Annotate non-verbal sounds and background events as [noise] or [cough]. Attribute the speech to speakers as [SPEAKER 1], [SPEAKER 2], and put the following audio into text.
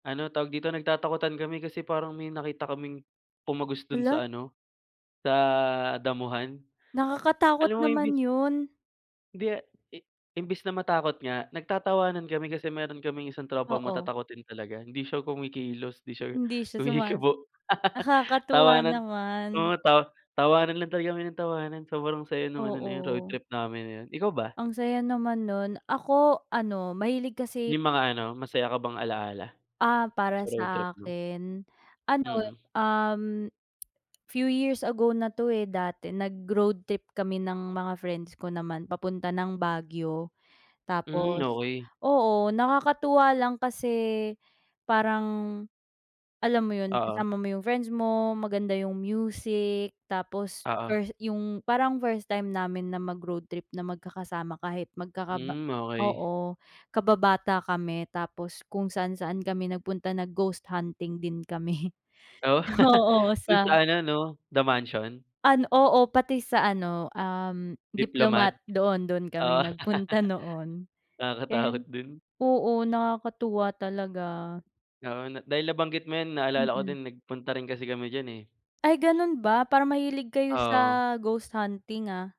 [SPEAKER 1] Ano tawag dito nagtatakutan kami kasi parang may nakita kaming tumagos dun
[SPEAKER 2] Hala.
[SPEAKER 1] sa ano, sa damuhan.
[SPEAKER 2] Nakakatakot
[SPEAKER 1] Alam mo yun din
[SPEAKER 2] naman yun.
[SPEAKER 1] Di imbis na matakot nga nag-tatawanan kami kasi meron kaming isang tropa
[SPEAKER 2] Oo.
[SPEAKER 1] matatakutin talaga hindi siya kumikilos hindi siya
[SPEAKER 2] Hindi siya sumasa
[SPEAKER 1] kumikibo. [laughs]
[SPEAKER 2] nakakatuwa
[SPEAKER 1] Tawanan
[SPEAKER 2] naman.
[SPEAKER 1] oo, ta tawanan lang talaga kami ng tawanan, sobrang saya nung ano na yun road
[SPEAKER 2] Oo.
[SPEAKER 1] trip namin na yun. Ikaw ba?
[SPEAKER 2] Ang saya naman nun, ako ano mahilig kasi,
[SPEAKER 1] May mga ano masaya ka bang ala-ala,
[SPEAKER 2] Ah, para
[SPEAKER 1] sa road trip
[SPEAKER 2] sa
[SPEAKER 1] mo?
[SPEAKER 2] akin, ano,
[SPEAKER 1] Mm.
[SPEAKER 2] um, few years ago na 'to eh, dati nag-road trip kami ng mga friends ko naman papunta ng Baguio.
[SPEAKER 1] Hmm,
[SPEAKER 2] Tapos,
[SPEAKER 1] okey.
[SPEAKER 2] oo, nakakatuwa lang kasi, parang, alam mo yun?
[SPEAKER 1] Oo.
[SPEAKER 2] Kasama mo yung friends mo, maganda yung music, tapos
[SPEAKER 1] Oo.
[SPEAKER 2] yung parang first time namin na mag-road trip na magkakasama kahit magkakaba
[SPEAKER 1] Hmm, okey.
[SPEAKER 2] oo. kababata kami tapos kung saan-saan kami nag-punta na ghost hunting din kami.
[SPEAKER 1] Oh?
[SPEAKER 2] Oo
[SPEAKER 1] [laughs] Dun
[SPEAKER 2] sa
[SPEAKER 1] sa ano 'no, The Mansion.
[SPEAKER 2] An oo pati sa ano um,
[SPEAKER 1] Diplomat?
[SPEAKER 2] Diplomat doon doon kami
[SPEAKER 1] Oh.
[SPEAKER 2] nagpunta noon.
[SPEAKER 1] [laughs] Nakakatakot
[SPEAKER 2] And,
[SPEAKER 1] din.
[SPEAKER 2] oo,
[SPEAKER 1] [sniffs]
[SPEAKER 2] nakakatuwa talaga.
[SPEAKER 1] Oo, dahil nabanggit mo yan na-alala ko
[SPEAKER 2] Mm.
[SPEAKER 1] din nag-punta rin kasi kami dyan eh.
[SPEAKER 2] Ay,
[SPEAKER 1] [sniffs]
[SPEAKER 2] ganun ba para mahilig kayo
[SPEAKER 1] Oo.
[SPEAKER 2] sa ghost hunting ah.